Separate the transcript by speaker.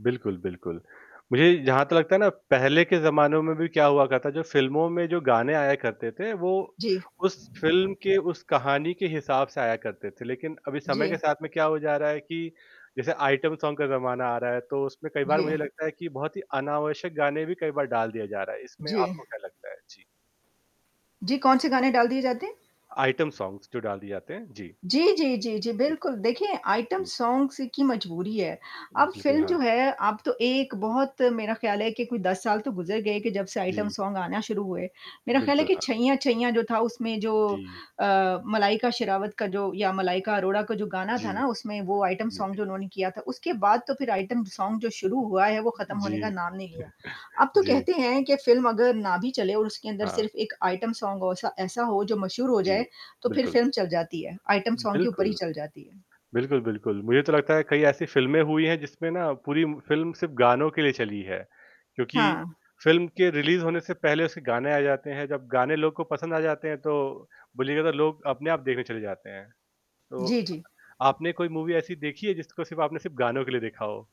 Speaker 1: बिल्कुल, बिल्कुल। मुझे जहाँ तक लगता है ना, पहले के ज़माने में भी क्या हुआ करता था, जो फ़िल्मों में जो गाने आया करते थे, वो
Speaker 2: जी।
Speaker 1: उस फ़िल्म के, उस कहानी के हिसाब से आया करते थे। लेकिन अभी समय के
Speaker 2: जी।
Speaker 1: साथ में क्या हो जा रहा है कि जैसे आइटम सॉन्ग का ज़माना आ रहा है, तो उसमें कई बार मुझे
Speaker 2: जी।
Speaker 1: लगता है कि बहुत ही अनावश्यक गाने भी कई बार डाल दिया जा रहा है। इसमें
Speaker 2: जी।
Speaker 1: आपको क्या लगता है? जी।
Speaker 2: जी, कौन से गाने डाल दिए जाते हैं?
Speaker 1: आइटम सॉन्ग्स जो डाल दिए जाते हैं, जी।
Speaker 2: जी, जी, जी, जी,
Speaker 1: जी।
Speaker 2: बिल्कुल, देखिए, आइटम
Speaker 1: जी।
Speaker 2: सॉन्ग्स की मजबूरी है। अब
Speaker 1: बिल्कुल,
Speaker 2: फ़िल्म
Speaker 1: हाँ।
Speaker 2: जो है, अब तो एक बहुत मेरा ख़याल है कि कोई 10 साल तो गुज़र गए कि जब से आइटम
Speaker 1: जी।
Speaker 2: सॉन्ग आना शुरू हुए। मेरा ख़याल है
Speaker 1: बिल्कुल,
Speaker 2: कि
Speaker 1: हाँ।
Speaker 2: छैंया-छैंया जो था, उसमें जो
Speaker 1: जी।
Speaker 2: अ, मलाइका शेरावत का जो, या मलाइका अरोड़ा का जो गाना था
Speaker 1: जी।
Speaker 2: ना, उसमें वो आइटम
Speaker 1: जी,
Speaker 2: सॉन्ग
Speaker 1: जी।
Speaker 2: जो उन्होंने किया था, उसके बाद तो फिर आइटम सॉन्ग जो शुरू हुआ है, वो ख़त्म होने का
Speaker 1: जी।
Speaker 2: नाम नहीं लिया। अब तो
Speaker 1: जी।
Speaker 2: कहते हैं कि फ़िल्म अगर ना भी चले, और उसके अंदर
Speaker 1: हाँ।
Speaker 2: सिर्फ़ एक आइटम सॉन्ग हो, ऐसा ऐसा हो, जो मशहूर हो जाए,
Speaker 1: जी।
Speaker 2: तो फिर
Speaker 1: बिल्कुल।
Speaker 2: फ़िल्म चल जाती है। आइटम सॉन्ग के ऊपर ही
Speaker 1: बिल्कुल।
Speaker 2: चल जाती है।
Speaker 1: बिल्कुल, बिल्कुल, मुझे तो लगता है, कई ऐसी फिल्में हुई हैं, जिसमें ना पूरी फिल्म सिर्फ़ गानों के लिए चली है। क्योंकि
Speaker 2: हाँ।
Speaker 1: फ़िल्म के रिलीज़ होने से पहले उसके गाने आ जाते हैं। जब गाने लोग को पसंद आ जाते हैं, तो बोलिएगा लोग अपने आप देखने चले जाते हैं। तो
Speaker 2: जी, जी।
Speaker 1: अ-आपने कोई मूवी ऐसी देखी है, जिसको सिर्फ़ आपने सिर्फ़ गानों के लिए देखा हो?